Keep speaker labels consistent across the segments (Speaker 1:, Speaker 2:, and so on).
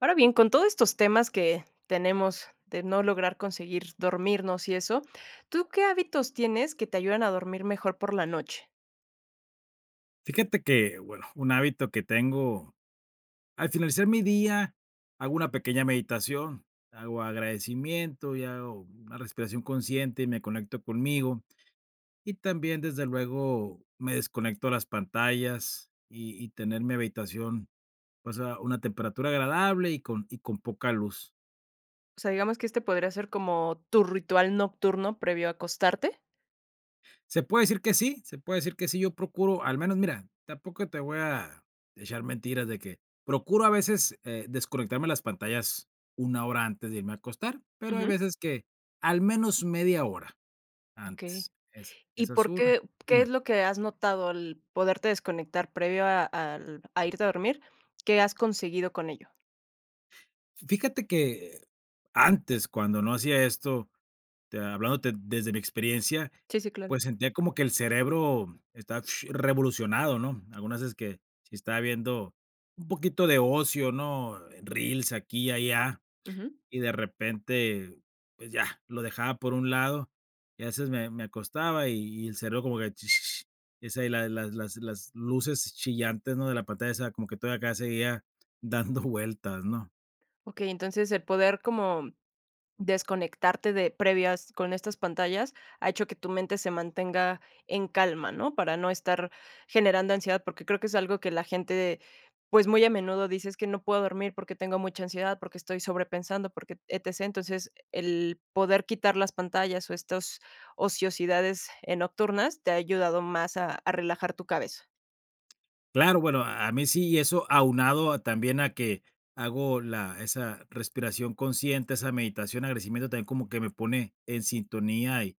Speaker 1: Ahora bien, con todos estos temas, que tenemos de no lograr conseguir dormirnos y eso, ¿tú qué hábitos tienes, que te ayudan a dormir mejor por la noche?
Speaker 2: Fíjate que, bueno, un hábito que tengo, al finalizar mi día, hago una pequeña meditación, hago agradecimiento, y hago una respiración consciente, y me conecto conmigo. Y también, desde luego me desconecto las pantallas, y y tener mi habitación, o sea, una temperatura agradable, y con y con poca luz.
Speaker 1: O sea, digamos, ¿que este podría ser como, tu ritual nocturno previo a acostarte?
Speaker 2: Se puede decir que sí, se puede decir que sí, yo procuro, al menos, mira, tampoco te voy a echar mentiras, de que procuro a veces, eh, desconectarme de las pantallas, 1 hora antes de irme a acostar, pero, hay
Speaker 1: Ujú.
Speaker 2: veces que, al menos 1/2 hora
Speaker 1: Okey,
Speaker 2: antes, esa
Speaker 1: ¿y
Speaker 2: esa es
Speaker 1: por
Speaker 2: una,
Speaker 1: qué qué es
Speaker 2: una.
Speaker 1: lo que has notado al poderte desconectar, previo a al a irte a dormir? ¿Qué has conseguido con ello?
Speaker 2: Fíjate que antes cuando no hacía esto, te hablándote desde mi experiencia,
Speaker 1: Sí, sí, claro.
Speaker 2: pues, sentía como que el cerebro está revolucionado, ¿no? Algunas veces que si estaba viendo un poquito de ocio, ¿no? Eh, reels aquí y allá,
Speaker 1: Ujú.
Speaker 2: y de repente, pues ya, lo dejaba por un lado, y a veces me me acostaba, y y el cerebro como que, es ahí la las las luces chillantes, no, de la pantalla esa, como que toda acá seguía dando vueltas, ¿no?
Speaker 1: Okey, entonces el poder como, mm, desconectarte de previas con estas pantallas, ha hecho que tu mente se mantenga en calma, ¿no? Para no estar generando ansiedad, porque creo que es algo que la gente, pues, muy a menudo dice: "Es que no puedo dormir porque tengo mucha ansiedad, porque estoy sobrepensando, porque ETC". Entonces, el poder quitar las pantallas, o, estos ociosidades, eh, nocturnas te ha ayudado más a a relajar tu cabeza.
Speaker 2: Claro, bueno, a a mí si eso aunado a también, a que hago la esa respiración consciente, esa meditación, agradecimiento también como que me pone en sintonía, y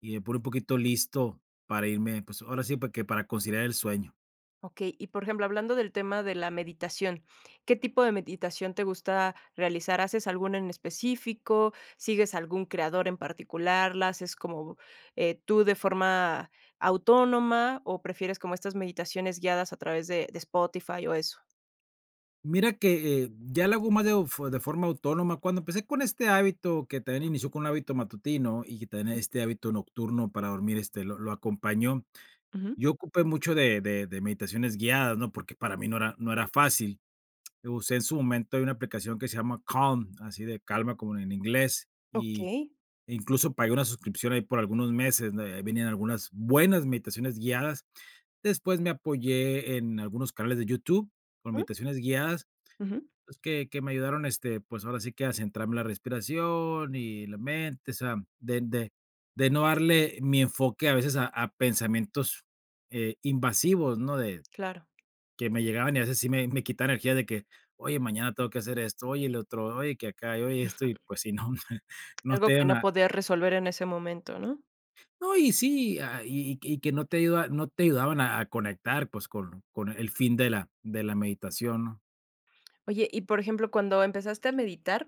Speaker 2: y me pone un poquito listo para irme, pues, ahora sí, pues, que para conciliar el sueño.
Speaker 1: Okey, y por ejemplo, hablando del tema de la meditación, ¿qué tipo de meditación te gusta realizar? ¿Haces alguna en específico? ¿Sigues algún creador en particular? ¿La haces como, eh, tú de forma autónoma, o prefieres como estas meditaciones guiadas a través de de Spotify, o eso?
Speaker 2: Mira que, eh, ya le hago ma deo fu de forma autónoma, cuando empecé con este hábito, que también inició con un hábito matutino, y que tenía
Speaker 1: Ujú.
Speaker 2: este hábito nocturno para dormir, este, lo lo acompañó,
Speaker 1: Ujú.
Speaker 2: yo ocupé mucho de de de meditaciones guiadas, ¿no? Porque para mí no era no era fácil. Lo usé en su momento de una aplicación que se llama Calm, así de calma como en inglés, y,
Speaker 1: Okey.
Speaker 2: incluso, pagué una suscripción ahí por algunos meses, ¿no?, ahí venían algunas buenas meditaciones guiadas. Después me apoyé en algunos canales de YouTube con
Speaker 1: Ujú.
Speaker 2: meditaciones guiadas,
Speaker 1: Ujú.
Speaker 2: pues, que que me ayudaron, este, pues, ahora sí que a centrarme en la respiración y la mente. O sea, de de de no darle mi enfoque a veces a a pensamientos, eh, invasivos, ¿no?, de
Speaker 1: Claro.
Speaker 2: que me llegaban, y a veces sí me me quitaban energía de que: "Oye, mañana tengo que hacer esto, oye, el otro, oye, que acá, y oye, esto". Y pues, si no, no
Speaker 1: Algo
Speaker 2: te
Speaker 1: que
Speaker 2: ayudan
Speaker 1: no
Speaker 2: a
Speaker 1: poder resolver en ese momento, ¿no?
Speaker 2: No, y sí, a ah, y y y que no te ayuda no te ayudaban a a conectar, pues, con con el fin de la de la meditación, ¿no?
Speaker 1: Oye, y por ejemplo, cuando empezaste a meditar.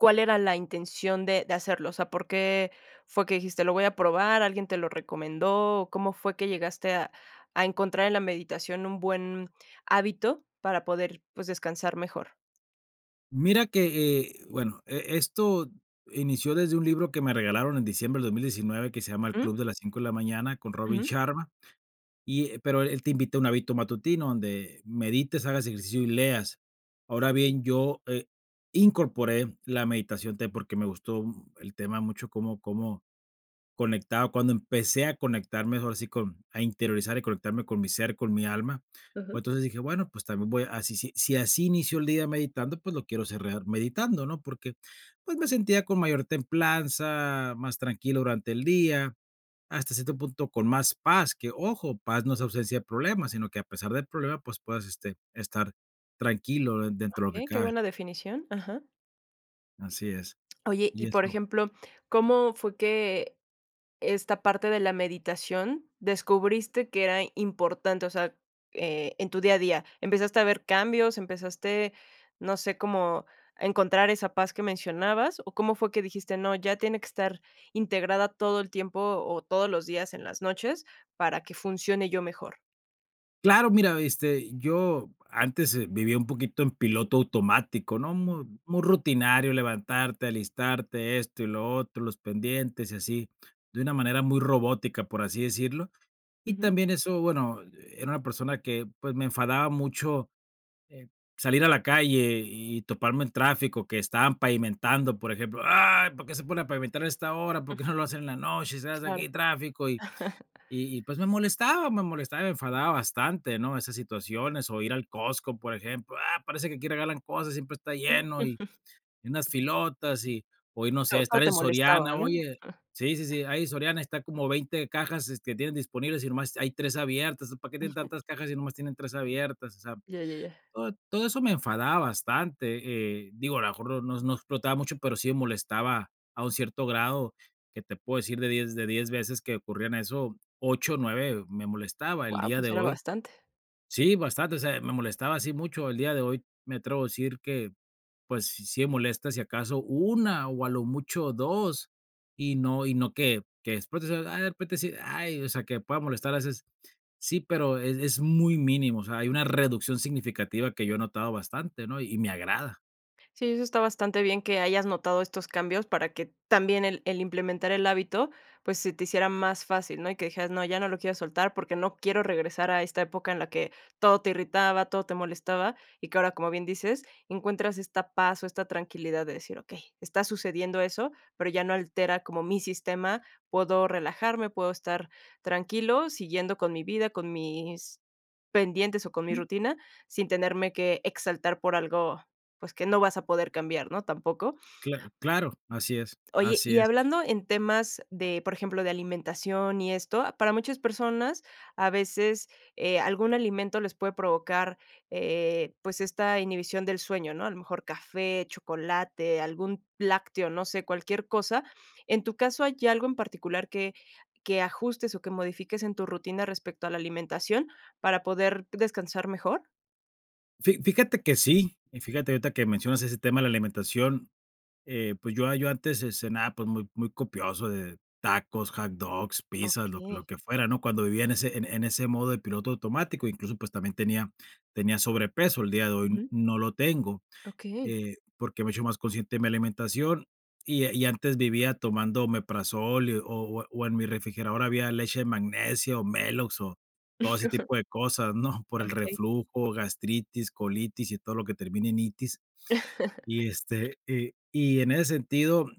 Speaker 1: ¿Cuál era la intención de de hacerlo?, o sea, ¿por qué fue que dijiste lo voy a probar, alguien te lo recomendó, o cómo fue que llegaste a a encontrar en la meditación un buen hábito para poder, pues, descansar mejor?
Speaker 2: Mira que, eh bueno, e esto inició desde un libro que me regalaron en diciembre del 2019, que se llama El
Speaker 1: Ujú.
Speaker 2: Club de las 5 de la Mañana, con Robin
Speaker 1: Ujú.
Speaker 2: Sharma, y, eh, pero él te invita a un hábito matutino donde medites, hagas ejercicio y leas. Ahora
Speaker 1: Okey.
Speaker 2: bien, yo, eh, incorporé la meditación te porque me gustó el tema mucho cómo cómo conectaba, cuando empecé a conectarme, ahora sí con a interiorizar y conectarme con mi ser, con mi alma.
Speaker 1: Ujú.
Speaker 2: Pues entonces, dije: "Bueno, pues, también voy a si si si así inicio el día meditando, pues, lo quiero cerrar meditando", ¿no? Porque, pues, me sentía con mayor templanza, más tranquilo durante el día, hasta cierto punto con más paz, que ojo, paz no es ausencia de problemas, sino que a pesar del problema, pues, puedas, este, estar tranquilo d dentro de lo que
Speaker 1: Okey, qué
Speaker 2: cabe.
Speaker 1: buena definición, ajá.
Speaker 2: Así es.
Speaker 1: Oye,
Speaker 2: Y
Speaker 1: y por
Speaker 2: eso
Speaker 1: ejemplo, ¿cómo fue que esta parte de la meditación, descubriste que era importante?, o sea, e en tu día a día, ¿empezaste a ver cambios, empezaste, no sé, cómo encontrar esa paz que mencionabas?, o cómo fue que dijiste, no, ya tiene que estar integrada todo el tiempo o todos los días en las noches, para que funcione yo mejor.
Speaker 2: Claro, mira, este, yo antes, eh, vivía un poquito en piloto automático, ¿no?, mu muy rutinario, levantarte, alistarte, esto, y lo otro, los pendientes, y así, de una manera muy robótica, por así decirlo. Y
Speaker 1: Ujú.
Speaker 2: también eso, bueno, era una persona que, pues, me enfadaba mucho, eh, salir a la calle y toparme el tráfico, que estaban pavimentando, por ejemplo, ay, ¿para qué se ponen a pavimentar a esta hora? ¿Por
Speaker 1: Ujú.
Speaker 2: qué, no lo hacen en la noche?, si se hace aquí
Speaker 1: Claro.
Speaker 2: tráfico, y y pues, me molestaba, me molestaba, me enfadaba bastante, ¿no?, esas situaciones, o, ir al Costco, por ejemplo. Ah, parece que aquí regalan cosas, siempre está
Speaker 1: Mm.
Speaker 2: lleno, y unas filotas, y o y no sé,
Speaker 1: Todo
Speaker 2: estar
Speaker 1: te
Speaker 2: en Soriana,
Speaker 1: molestaba, ¿no?
Speaker 2: oye, sí, sí, sí, ahí Soriana está como 20 cajas que tienen disponibles, y nomás hay 3 abiertas, ¿entonces, para qué tienen
Speaker 1: Ujú.
Speaker 2: tantas cajas, y nomás tienen 3 abiertas?, o sea,
Speaker 1: Ya, ya, ya.
Speaker 2: todo todo eso me enfadaba bastante, eh, digo, a lo mejor no no explotaba mucho, pero, sí molestaba a un cierto grado, que te puedo decir de 10, de 10 veces que ocurrían eso, 8, 9, me molestaba el
Speaker 1: Guau,
Speaker 2: día
Speaker 1: pues,
Speaker 2: de
Speaker 1: era
Speaker 2: hoy.
Speaker 1: bastante.
Speaker 2: Sí, bastante, o sea, me molestaba así mucho. El día de hoy me atrevo a decir que, pues, sí molesta si acaso, 1 o a lo mucho 2, y no y no que que explote, ay que después de repente decir: "Ay, o sea, que me pueda molestar a veces", sí, pero, es es muy mínimo, o sea, hay una reducción significativa que yo he notado bastante, ¿no?, y me agrada.
Speaker 1: Sí, eso está bastante bien que hayas notado estos cambios para que también el el implementar el hábito, pues, se te hiciera más fácil, ¿no? Y que dijeras, no, ya no lo quiero soltar porque no quiero regresar a esta época en la que todo te irritaba, todo te molestaba, y que ahora, como bien dices, encuentras esta paz, o esta tranquilidad de decir: "Okey, está sucediendo eso, pero ya no altera como mi sistema". Puedo relajarme, puedo estar tranquilo, siguiendo con mi vida, con mis pendientes, o con mi
Speaker 2: Sí.
Speaker 1: rutina, sin tenerme que exaltar por algo, pues, que no vas a poder cambiar, ¿no?, tampoco.
Speaker 2: Cla claro, así es,
Speaker 1: Oye,
Speaker 2: así
Speaker 1: y
Speaker 2: es.
Speaker 1: hablando en temas de, por ejemplo, de alimentación, y esto. A para muchas personas, a veces, eh, algún alimento les puede provocar, eh, pues, esta inhibición del sueño, ¿no?, a lo mejor café, chocolate, algún lácteo, no sé, cualquier cosa. En tu caso, ¿hay algo en particular, que que ajustes o que modifiques en tu rutina, respecto a la alimentación, para poder descansar mejor?
Speaker 2: Fi fíjate que sí, y fíjate ahorita, que mencionas ese tema de la alimentación, eh, pues, yo yo antes, ce-cenaba, pues, muy muy copioso de tacos, hot dogs, pizzas, lo lo
Speaker 1: Okey.
Speaker 2: que fuera, ¿no?, cuando vivía, en ese en en ese modo, de piloto automático, incluso, pues, también tenía tenía sobrepeso. El día de hoy
Speaker 1: Ujú.
Speaker 2: no lo tengo,
Speaker 1: Okey.
Speaker 2: eh, porque me he hecho más consciente de mi alimentación, y y antes vivía tomando omeprazol, y o o, en mi refrigerador había leche de magnesia, o Melox, o todo ese tipo de cosas, ¿no?, por el
Speaker 1: Okey.
Speaker 2: reflujo, gastritis, colitis y todo lo que termina en itis. Y este, eh, y en ese sentido,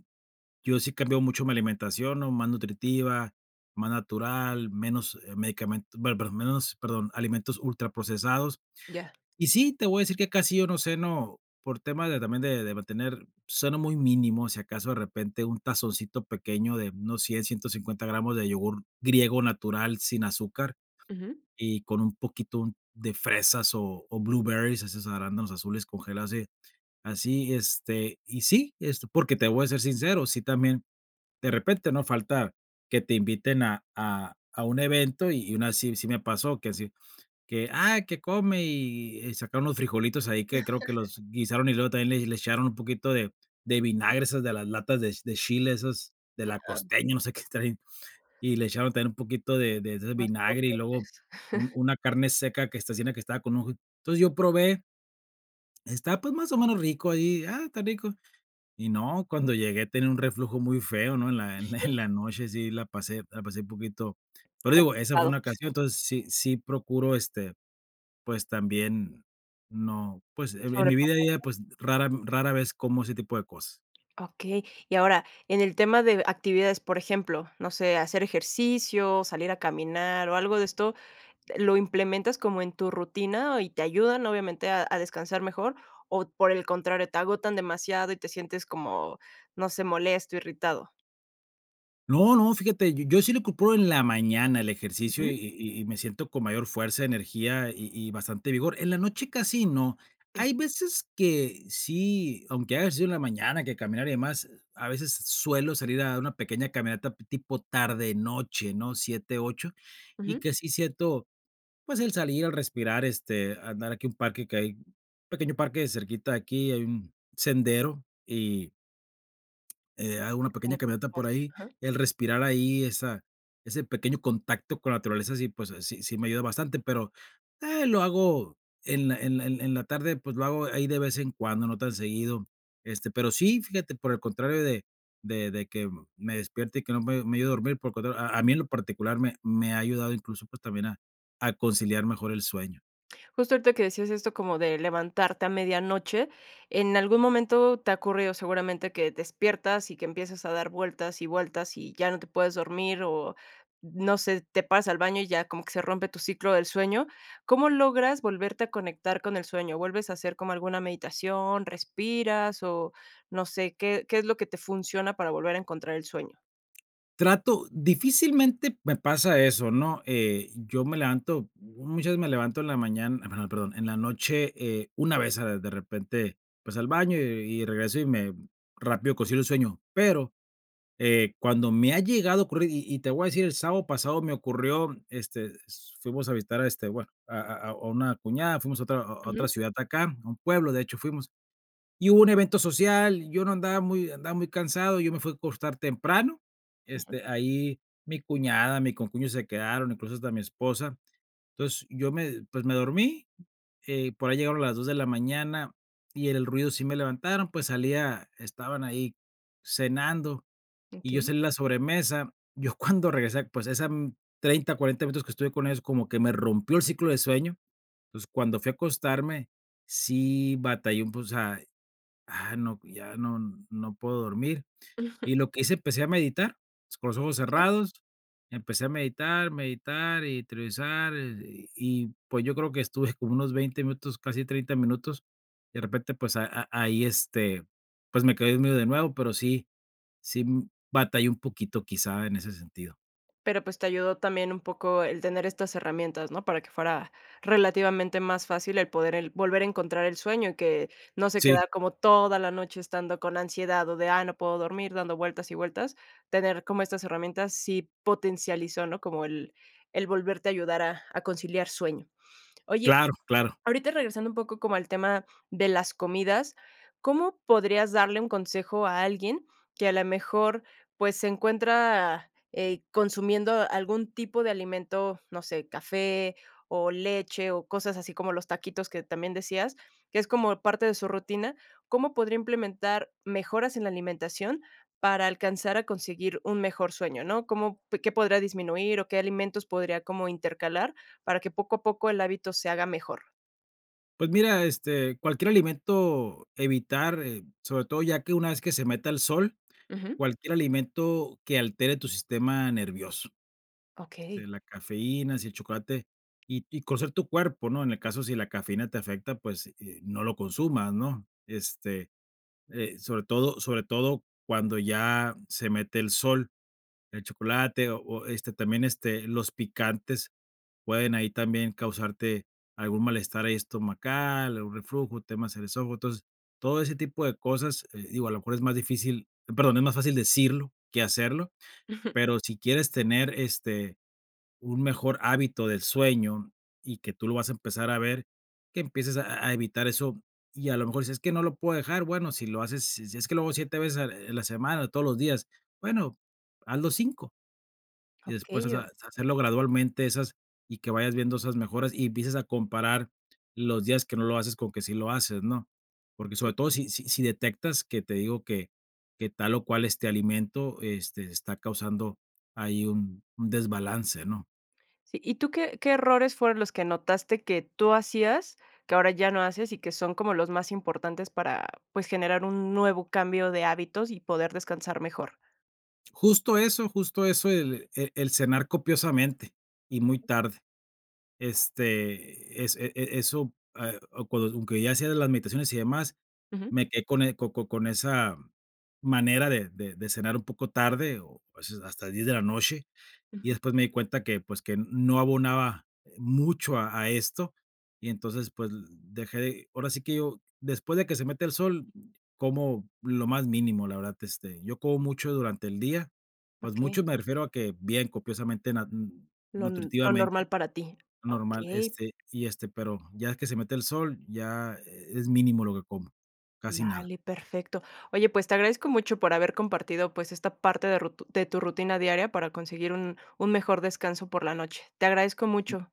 Speaker 2: yo sí he cambiado mucho mi alimentación, ¿no?, más nutritiva, más natural, menos, eh, medicamen bueno, perdón, menos, perdón, alimentos ultraprocesados.
Speaker 1: Ya.
Speaker 2: Y sí, te voy a decir que casi yo no ceno, por tema de también de mantener ceno muy mínimo, si acaso de repente un tazoncito pequeño de unos 100, 150 gramos de yogurt griego natural sin azúcar,
Speaker 1: Ujú.
Speaker 2: y con un poquito de fresas, o o, blueberries, esos arándanos azules congelados y así, este, y sí, esto. Porque, te voy a ser sincero, sí también de repente no falta que te inviten a a a un evento, y una sí, sí me pasó, que así, que, ah, que come y sacaron los frijolitos ahí que creo que los guisaron, y luego también le le echaron un poquito de de vinagre esas de las latas de de chile esas de La Costeña, no sé qué traen, y le echaron también un poquito de de ese
Speaker 1: Más
Speaker 2: vinagre y luego
Speaker 1: potentes.
Speaker 2: un una carne seca, que está [unintelligible] que estaba con [unintelligible] entonces yo probé. Estaba pues, más o menos rico ahí, ah, está rico, y no, cuando llegué tenía un reflujo muy feo, ¿no? En la en la noche, sí, la pasé la pasé un poquito pero digo, esa fue
Speaker 1: Complicado.
Speaker 2: una ocasión, entonces, sí, sí procuro este, pues, también, no pues, e en mi vida ya,
Speaker 1: Sobrepasaste.
Speaker 2: pues, rara rara vez como ese tipo de cosas.
Speaker 1: Okey. Y ahora en el tema d de actividades, por ejemplo, no sé, hacer ejercicio, salir a caminar, o algo de esto, ¿lo implementas como en tu rutina y te ayudan obviamente a a descansar mejor, o por el contrario, te agotan demasiado y te sientes como, no sé, molesto, irritado?
Speaker 2: No, no, fíjate, yo sí lo procuro en la mañana el ejercicio,
Speaker 1: Ujú.
Speaker 2: y y y me siento con mayor fuerza, energía y y bastante vigor. En la noche, casi no. Hay
Speaker 1: Okey.
Speaker 2: veces que sí, aunque haga ejercicio en la mañana que caminar y demás. A veces suelo salir a dar una pequeña caminata tipo tarde, noche, ¿no?, 7, 8, y
Speaker 1: Ujú.
Speaker 2: que sí siento, pues, el salir, el respirar, este, andar aquí a un parque que hay un pequeño parque cerquita aquí, hay un sendero, y Eh, hago una pequeña
Speaker 1: Como tú,
Speaker 2: caminata por
Speaker 1: [unintelligible]
Speaker 2: ahí,
Speaker 1: ajá.
Speaker 2: el respirar ahí esa ese pequeño contacto con la naturaleza, sí, pues sí, sí me ayuda bastante, pero, eh, lo hago en la en en la tarde, pues, lo hago ahí de vez en cuando, no tan seguido. Este, pero sí, fíjate, por el contrario, de de de que me despierte, y que no me me ayude a dormir, por lo contrario, a
Speaker 1: Mm.
Speaker 2: mí en lo particular me me ha ayudado, incluso, pues, también a a conciliar mejor el sueño.
Speaker 1: Justo ahorita que decías esto como de levantarte a medianoche, ¿en algún momento te ha ocurrido seguramente que despiertas, y que empieces a dar vueltas y vueltas, y ya no te puedes dormir?, o no sé, te paras al baño, y ya como que se rompe tu ciclo del sueño, ¿cómo logras volverte a conectar con el sueño? ¿Vuelves a hacer como alguna meditación, respiras, o no sé, qué qué es lo que te funciona, para volver a encontrar el sueño?
Speaker 2: Trato difícilmente me pasa eso, ¿no?, eh, yo me levanto, muchas veces me levanto en la mañana, bueno, perdón, en la noche, eh, una vez a de repente, pues, al baño y y regreso, y me rápido consigo un sueño, pero, eh, cuando me ha llegado a ocurrir, y y te voy a decir, el sábado pasado me ocurrió, este, fuimos a visitar, a este, bueno, a a a una cuñada, fuimos a otra a a otra
Speaker 1: Ujú.
Speaker 2: ciudad acá, a un pueblo, de hecho fuimos, y hubo un evento social, yo no andaba muy andaba muy cansado, yo me fui a acostar temprano,
Speaker 1: Ujú.
Speaker 2: este, ahí mi cuñada, mi concuño se quedaron, incluso hasta mi esposa, entonces, yo me pues, me dormí, eh, por ahí llegaron las 2 de la mañana, y el ruido sí me levantaron, pues, salí a estaban ahí cenando, y yo
Speaker 1: Okey.
Speaker 2: salí la sobremesa. Yo cuando regresé, pues, esa 30, 40 minutos que estuve con ellos, como que me rompió el ciclo de sueño, entonces, cuando fui a acostarme, sí batallé, pues, o sea, ah, no, ya no no puedo dormir, y lo que hice empecé a meditar, con ojos
Speaker 1: Okey.
Speaker 2: cerrados, empecé a meditar, meditar y trivizar, y y pues, yo creo que estuve como unos 20 minutos, casi 30 minutos, de repente pues, a a ahí este, pues, me quedé dormido, de nuevo, pero, sí, sí, mm, batallé un poquito quizá en ese sentido.
Speaker 1: Pero, pues, te ayudó también un poco el tener estas herramientas, ¿no?, para que fuera relativamente más fácil el poder el volver a encontrar el sueño, y que no se
Speaker 2: Sí.
Speaker 1: queda como toda la noche estando con ansiedad, o de: Ay, no puedo dormir dando vueltas y vueltas, tener como estas herramientas, sí potencializó, ¿no?, como el el volverte a ayudar a a conciliar sueño. Oye,
Speaker 2: Claro, claro.
Speaker 1: ahorita regresando un poco como al tema de las comidas, ¿cómo podrías darle un consejo a alguien que a la mejor, pues, se encuentra, eh, consumiendo algún tipo de alimento, no sé, café o leche, o cosas así como los taquitos?, que también decías, que es como parte de su rutina, ¿cómo podría implementar mejoras, en la alimentación, para alcanzar a conseguir un mejor sueño?, ¿no? ¿Cómo qué podría disminuir, o qué alimentos podría como intercalar, para que poco a poco el hábito se haga mejor?
Speaker 2: Pues mira, este, cualquier alimento evitar, eh, sobre todo, ya que una vez que se meta el sol,
Speaker 1: Ujú.
Speaker 2: cualquier alimento que altere tu sistema nervioso.
Speaker 1: Okey
Speaker 2: Este, la cafeína, así, el chocolate y y conocer tu cuerpo, ¿no? En el caso si la cafeína te afecta, pues, eh, no lo consumas, ¿no? Este, eh, sobre todo sobre todo cuando ya se mete el sol, el chocolate, o o, este, también, este, los picantes pueden ahí también causarte algún malestar ahí estomacal, algún reflujo, temas en el esófago. Entonces, todo ese tipo de cosas, eh, digo a lo mejor es más difícil, perdón, es más fácil decirlo que hacerlo, pero si quieres tener, este, un mejor hábito del sueño y que tú lo vas a empezar a ver, que empieces a a evitar eso. Y a lo mejor si dices: "Es que no lo puedo dejar", bueno, si lo haces, si si es que lo hago 7 veces en en la semana, o todos los días, bueno, hazlo 5. Y después, o
Speaker 1: Okey,
Speaker 2: sea,
Speaker 1: o
Speaker 2: hacer hacerlo gradualmente esas y que vayas viendo esas mejoras, y empieces a comparar los días que no lo haces, con que sí lo haces, ¿no? Porque
Speaker 1: Sí.
Speaker 2: sobre todo si si si detectas que te digo, que que tal, o cual, este alimento, este, está causando ahí un un desbalance, ¿no?
Speaker 1: Sí, ¿y tú qué qué errores fueron los que notaste que tú hacías, que ahora ya no haces, y que son como los más importantes para, pues, generar un nuevo cambio de hábitos y poder descansar mejor?
Speaker 2: Justo eso justo eso el e el cenar copiosamente y muy tarde. Este, es e e eso, eh, o cuando aunque ya hacía de las meditaciones y demás,
Speaker 1: Ujú.
Speaker 2: me quedé con el co co con esa manera de de de cenar un poco tarde, o a veces hasta las 10 de la noche. Y
Speaker 1: Ujú.
Speaker 2: después me di cuenta que, pues, que no abonaba, eh, mucho a a esto. Y entonces, pues, l dejé ahora sí que yo después de que se mete el sol, como lo más mínimo, la verdad, este, yo como mucho durante el día, pues,
Speaker 1: Okey.
Speaker 2: mucho, me refiero a que bien copiosamente na mm,
Speaker 1: Lo n lo
Speaker 2: nutritivamente,
Speaker 1: normal para ti.
Speaker 2: normal,
Speaker 1: Okey.
Speaker 2: este, y este, pero ya que se mete el sol, ya es mínimo lo que como, casi nada.
Speaker 1: Vale, perfecto. Oye, pues, te agradezco mucho por haber compartido, pues, esta parte de rut de tu rutina diaria para conseguir un un mejor descanso por la noche. Te agradezco mucho.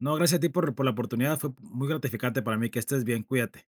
Speaker 2: No, gracias a ti por por la oportunidad, fue muy gratificante para mí, que estés bien, cuídate.